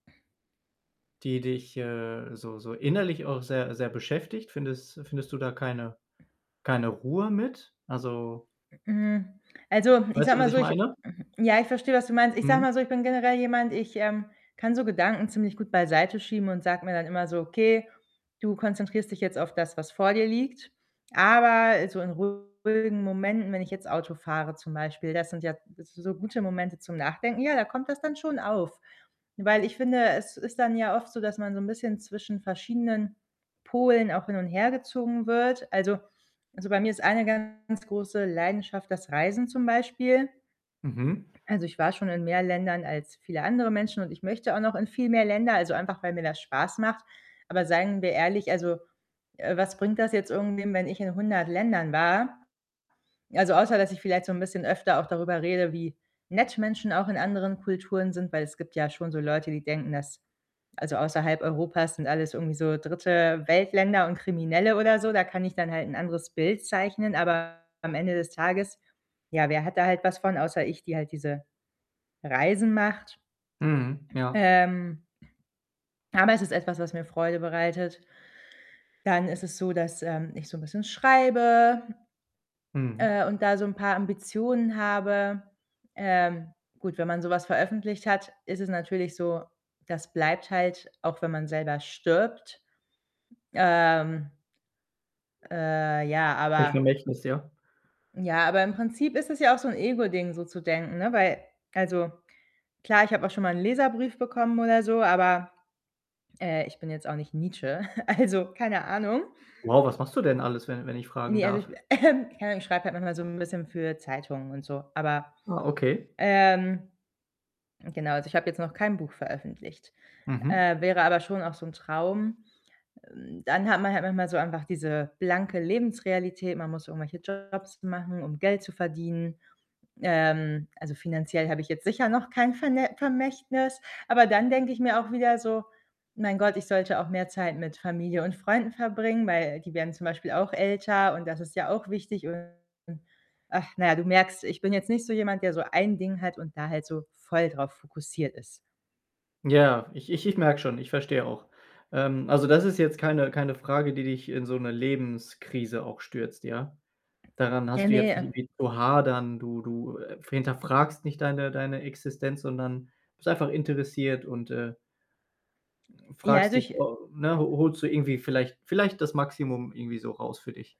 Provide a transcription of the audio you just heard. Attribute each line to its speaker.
Speaker 1: Die dich, äh, so so innerlich auch sehr sehr beschäftigt? Findest findest du da keine keine Ruhe mit? Also
Speaker 2: M hm. Also, ich
Speaker 1: weißt
Speaker 2: sage
Speaker 1: du, was
Speaker 2: mal so,
Speaker 1: ich
Speaker 2: ich
Speaker 1: meine?
Speaker 2: hm, ja, ich verstehe, was du meinst. Ich sage
Speaker 1: Mhm.
Speaker 2: mal so, ich bin generell jemand, ich, ähm, kann so Gedanken ziemlich gut beiseite schieben und sage mir dann immer so: „Okay, du konzentrierst dich jetzt auf das, was vor dir liegt.“ Aber so in ruhigen Momenten, wenn ich jetzt Auto fahre zum Beispiel, das sind ja s so gute Momente zum Nachdenken. Ja, da kommt das dann schon auf. Weil ich finde, es ist dann ja oft so, dass man so 'n bisschen zwischen verschiedenen Polen auch hin und hergezogen wird. Also also, bei mir ist eine ganz große Leidenschaft das Reisen zum Beispiel.
Speaker 1: Mhm.
Speaker 2: Also, ich war schon in mehr Ländern als viele andere Menschen, und ich möchte auch noch in viel mehr Länder, also, einfach weil mir das Spaß macht. Aber seien wir ehrlich, also, äh, was bringt das jetzt irgendwem, wenn ich in 100 Ländern war? Also, außer dass ich vielleicht so 'n bisschen öfter auch darüber rede, wie nett Menschen auch in anderen Kulturen sind, weil es gibt ja schon so Leute, die denken, dass also, außerhalb Europas sind alles irgendwie so Dritte-Welt-Länder und Kriminelle oder so. Da kann ich dann halt 'n anderes Bild zeichnen, aber am Ende des Tages, ja, wer hat da halt was von, außer ich, die halt diese Reisen macht?
Speaker 1: Mhm, ja.
Speaker 2: Ähm, aber es ist etwas, was mir Freude bereitet. Dann ist es so, dass, ähm, ich so 'n bisschen schreibe
Speaker 1: Mhm.
Speaker 2: äh, und da so 'n paar Ambitionen habe. Ähm, gut, wenn man so was veröffentlicht hat, ist es natürlich so, das bleibt halt, auch wenn man selber stirbt. Ähm äh, ja,
Speaker 1: [unintelligible]
Speaker 2: aber
Speaker 1: Vermächtnis, ja.
Speaker 2: ja, aber im Prinzip ist es ja auch so 'n Ego-Ding, so zu denken, ne, weil also klar, ich habe auch schon mal 'n Leserbrief bekommen oder so, aber, äh, ich bin jetzt auch nicht Nietzsche. Also, keine Ahnung.
Speaker 1: Wow, was machst du denn alles, wenn wenn ich fragen
Speaker 2: Ne, also, ich
Speaker 1: darf?
Speaker 2: keine Ahnung, ich schreibe halt manchmal so 'n bisschen für Zeitungen und so. Aber,
Speaker 1: Ah, okay.
Speaker 2: ähm, genau, also, ich habe jetzt noch kein Buch veröffentlicht.
Speaker 1: Mhm.
Speaker 2: Äh, wäre aber schon auch so 'n Traum. Hm, dann hat man halt manchmal so einfach diese blanke Lebensrealität. Man muss irgendwelche Jobs machen, um Geld zu verdienen. Ähm, also finanziell habe ich jetzt sicher noch kein Verne Vermächtnis, aber dann denke ich mir auch wieder so: „Mein Gott, ich sollte auch mehr Zeit mit Familie und Freunden verbringen“, weil die werden zum Beispiel auch älter, und das ist ja auch wichtig. Und ach, na ja, du merkst, ich bin jetzt nicht so jemand, der so 1 Ding hat und da halt so voll drauf fokussiert ist.
Speaker 1: Ja, ich ich ich merke schon, ich verstehe auch. Ähm, also, das ist jetzt keine keine Frage, die dich in so 'ne Lebenskrise auch stürzt, ja? Daran
Speaker 2: Äh,
Speaker 1: hast du
Speaker 2: ne,
Speaker 1: jetzt nicht
Speaker 2: äh
Speaker 1: irgendwie zu hadern. Du, du, äh, f hinterfragst nicht deine deine Existenz, sondern bist einfach interessiert und, äh
Speaker 2: Ja,
Speaker 1: fragst
Speaker 2: also
Speaker 1: dich,
Speaker 2: ich
Speaker 1: o ne, ho holst du irgendwie vielleicht vielleicht das Maximum irgendwie so raus für dich?